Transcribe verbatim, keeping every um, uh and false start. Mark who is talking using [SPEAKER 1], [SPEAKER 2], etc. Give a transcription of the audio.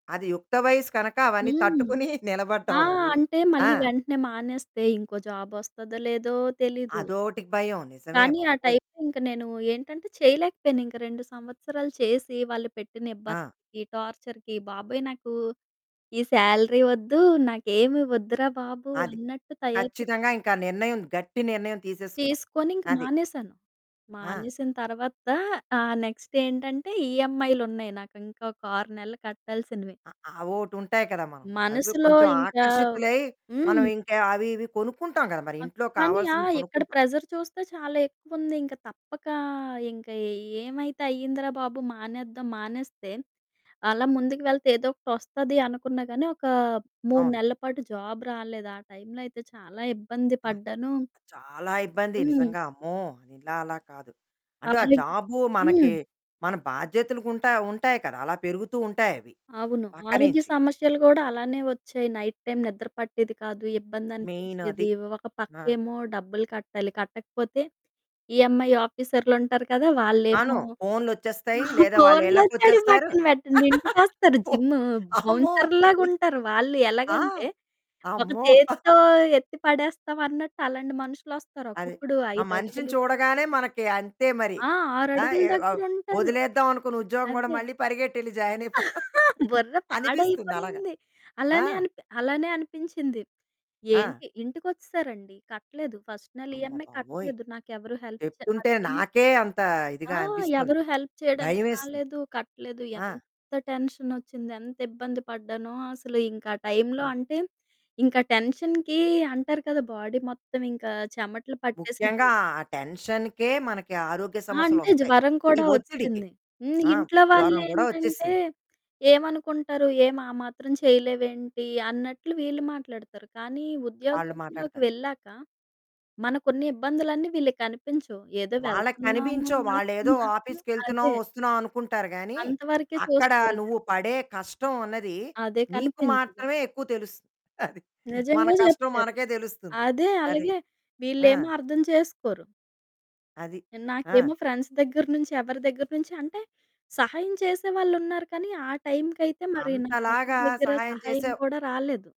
[SPEAKER 1] అది యుక్త వయస్సు కనక, అవన్నీ
[SPEAKER 2] హ్మ్.
[SPEAKER 1] తట్టుకొని
[SPEAKER 2] ఆ!
[SPEAKER 1] నిలబడ్డావు నువ్వు.
[SPEAKER 2] అంటే
[SPEAKER 1] ఆ!
[SPEAKER 2] మళ్ళీ వెంటనే మానేస్తే ఇంకో జాబొస్తదో లేదో తెలీదు.
[SPEAKER 1] అదోటికి భయం. నిజమే
[SPEAKER 2] కానీ ఆ
[SPEAKER 1] బాబోయ్!
[SPEAKER 2] టైంకింక నేను ఏంటంటే, చేయలేకపోయాను, ఇంకా రెండు సంవత్సరాలు చేసి, వాళ్ళు పెట్టిన
[SPEAKER 1] ఆ!
[SPEAKER 2] ఇబ్బందికి, టార్చర్‌కి, బాబోయ్ నాకు, ఈ సాలరీ వద్దు, నాకేమి ఒద్దురా బాబు!
[SPEAKER 1] అది.
[SPEAKER 2] అన్నట్టు తయారు
[SPEAKER 1] ఖచ్చితంగా ఇంకా నిర్ణయం, గట్టి నిర్ణయం తీసేసుకున్నావు.
[SPEAKER 2] తీసుకొని ఇంక
[SPEAKER 1] అది.
[SPEAKER 2] మానేశాను.
[SPEAKER 1] ఆ!
[SPEAKER 2] మానేసిన తర్వాత ఆ నెక్స్ట్ ఏంటంటే, ఈఎంఐలున్నాయి నాకింకొక ఆరు నెలలు కట్టాల్సినవి.
[SPEAKER 1] అ అవోటుంటాయి కదా మనం. అవి
[SPEAKER 2] మనసులో
[SPEAKER 1] కొంచెం
[SPEAKER 2] ఇంకా
[SPEAKER 1] ఆకర్షితులై,
[SPEAKER 2] హ్మ్.
[SPEAKER 1] మనమింకా అవి ఇవి కొనుక్కుంటాం గదా, మరి
[SPEAKER 2] అ
[SPEAKER 1] ఇంట్లో
[SPEAKER 2] కానీ ఆ!
[SPEAKER 1] కావాల్సినవి
[SPEAKER 2] ఇక్కడ
[SPEAKER 1] కొనుక్కుంటాం.
[SPEAKER 2] ప్రెజర్ చూస్తే, చాలా ఎక్కువుంది. ఇంక తప్పకా ఇంక ఏ ఏమైతే అయిందిరా బాబు, మానేద్దాం, మానేస్తే అలా ముందుకు వెళ్తే ఏదోకటొస్తది అనుకున్నా గానీ. ఒక మూడు
[SPEAKER 1] అవును.
[SPEAKER 2] నెల్ల పాటు జాబ్ రాలేదు. ఆ టైంలో అయితే చాలా ఇబ్బంది
[SPEAKER 1] ఆ!
[SPEAKER 2] పడ్డానూ
[SPEAKER 1] ఆ! చాలా ఇబ్బంది
[SPEAKER 2] హ్మ్.
[SPEAKER 1] నిజంగా అమ్మో! ఇలా అలా కాదు. అంటే ఆ
[SPEAKER 2] [unintelligible]
[SPEAKER 1] జాబు
[SPEAKER 2] హ్మ్.
[SPEAKER 1] మనకి మన బాధ్యతలు గుంటాయి ఉంటాయి కదా. అలా పెరుగుతూ ఉంటాయవి.
[SPEAKER 2] అవును. ఆరోగ్య
[SPEAKER 1] పక్కనించి.
[SPEAKER 2] సమస్యలు గూడా అలానే ఒచ్చాయి. నైట్ టైమ్ నిద్ర పట్టేది కాదు,
[SPEAKER 1] మెయిన్ అది.
[SPEAKER 2] ఇబ్బందనిపించేది, ఒక
[SPEAKER 1] మా
[SPEAKER 2] పక్కేమో డబ్బులు కట్టాలి, కట్టకపోతే ఈఏమ్ఐ ఆఫీసర్లుంటారు కదా, వాళ్ళేమో
[SPEAKER 1] అను, ఫోనులోచ్చేస్తాయి, లేదా
[SPEAKER 2] ఫోన్లోచ్చేడియి
[SPEAKER 1] వాళ్ళిళ్ళకొచ్చేస్తారు.
[SPEAKER 2] పక్కన పెట్టండి, ఇంటికొస్తారు,
[SPEAKER 1] పో
[SPEAKER 2] జిమ్ము
[SPEAKER 1] అమ్మో!
[SPEAKER 2] బౌన్సర్లులాగుంటారు, వాళ్ళు
[SPEAKER 1] ఆ!
[SPEAKER 2] ఎలాగంటే, ఒక
[SPEAKER 1] అమ్మో!
[SPEAKER 2] చేత్తో ఎత్తి పడేస్తాం అన్నట్టు అలాంటి మనుషులొస్తారు.
[SPEAKER 1] అది.
[SPEAKER 2] ఒక్కొక్కడు
[SPEAKER 1] ఆ మనిషిని
[SPEAKER 2] ఐదడుగులు
[SPEAKER 1] చూడగానే మనకి అంతే మరి.
[SPEAKER 2] ఆ!
[SPEAKER 1] ఆ!
[SPEAKER 2] ఆరడుగుల
[SPEAKER 1] ఎ అవ్
[SPEAKER 2] దగ్గరుంటారు.
[SPEAKER 1] ఒదిలేద్దాం అనుకున్న ఉద్యోగం గూడా
[SPEAKER 2] అదే.
[SPEAKER 1] మళ్ళీ పరిగెట్టెళ్లి జాయినయిపో
[SPEAKER 2] బుర్ర
[SPEAKER 1] అనిపిస్తుందలాగ.
[SPEAKER 2] పాడైపోయింది.
[SPEAKER 1] ఆ!
[SPEAKER 2] అలానే అనిపి అలానే అనిపించింది.
[SPEAKER 1] ఆ!
[SPEAKER 2] ఏంటి, ఇంటికొచ్చేసారండి. కట్టలేదు ఫస్ట్ నెల ఈఎంఐ
[SPEAKER 1] అమ్మబాబోయ్!
[SPEAKER 2] కట్టలేదు. నాకెవరు హెల్ప్ చె
[SPEAKER 1] చెప్తుంటే
[SPEAKER 2] అది
[SPEAKER 1] నాకే అంత
[SPEAKER 2] ఆ!
[SPEAKER 1] ఇదిగా అనిపిస్తుంది.
[SPEAKER 2] ఎవరు హెల్ప్ చేయడానికి
[SPEAKER 1] భయమేస్తుంది.
[SPEAKER 2] రాలేదు. కట్టలేదు
[SPEAKER 1] ఆ!
[SPEAKER 2] ఎంత టెన్షనొచ్చింది, ఎంత ఇబ్బంది పడ్డానో అసలింకా ఆ టైంలో
[SPEAKER 1] ఆ!
[SPEAKER 2] అంటే, ఇంకా టెన్షన్‌కి అంటారు కదా బాడీ మొత్తం ఇంకా చెమటలు పట్టేసింది.
[SPEAKER 1] ముఖ్యంగా ఆ టెన్షన్‌కే మనకి ఆరోగ్య
[SPEAKER 2] ఆ! అంటే
[SPEAKER 1] సమస్యలోస్తాయి,
[SPEAKER 2] జ్వరం
[SPEAKER 1] ఈ
[SPEAKER 2] కూడా
[SPEAKER 1] ఒత్తిడికి.
[SPEAKER 2] వొచ్చేసింది. హ్మ్,
[SPEAKER 1] ఆ!
[SPEAKER 2] ఇంట్లో
[SPEAKER 1] జ్వరం గూడా
[SPEAKER 2] వాళ్ళేంటంటే,
[SPEAKER 1] ఒచ్చేసింది.
[SPEAKER 2] ఏమనుకుంటారు, ఏం ఆ మాత్రం చేయలేవేంటి, అన్నట్లు వీళ్ళు మాట్లాడతారు. కానీ
[SPEAKER 1] వాళ్ళు
[SPEAKER 2] ఉద్యోగంలోకి
[SPEAKER 1] మాట్లాడతారు.
[SPEAKER 2] వెళ్ళాక మనకున్న ఇబ్బందులన్నీ వీళ్ళకనిపించవు. ఏదో
[SPEAKER 1] వాళ్ళకి
[SPEAKER 2] వెళ్తున్నాము,
[SPEAKER 1] కనిపించవు.
[SPEAKER 2] వస్తున్నాము.
[SPEAKER 1] వాళ్ళేదో ఆఫీస్‌కెళ్తున్నావు,
[SPEAKER 2] అదే.
[SPEAKER 1] ఒస్తున్నావు, అనుకుంటారు గానీ,
[SPEAKER 2] అంతవరకే
[SPEAKER 1] అక్కడ
[SPEAKER 2] చూస్తారు ఇక
[SPEAKER 1] నువ్వు పడే కష్టం అన్నది,
[SPEAKER 2] అదే
[SPEAKER 1] నీకు
[SPEAKER 2] కనిపించదు.
[SPEAKER 1] మాత్రమే ఎక్కువ తెలుసు. అది. మన
[SPEAKER 2] నిజంగా
[SPEAKER 1] కష్టం
[SPEAKER 2] జెప్పారు.
[SPEAKER 1] మనకే తెలుస్తుంది.
[SPEAKER 2] అదే
[SPEAKER 1] అది.
[SPEAKER 2] అలాగే
[SPEAKER 1] ఆ!
[SPEAKER 2] వీళ్ళేమో అర్థం చేసుకోరు.
[SPEAKER 1] అది. ఆ!
[SPEAKER 2] నాకేమో ఫ్రెండ్స్ దెగ్గర నుంచి ఎవరి దెగ్గర నుంచి అంటే, సహాయం చేసేవాళ్ళున్నారు కానీ, ఆ టైంకయితే మరి, నాకెవరి
[SPEAKER 1] అంతలాగా
[SPEAKER 2] దగ్గర
[SPEAKER 1] సహాయం
[SPEAKER 2] సహాయం
[SPEAKER 1] చేసావు.
[SPEAKER 2] కూడా రాలేదు.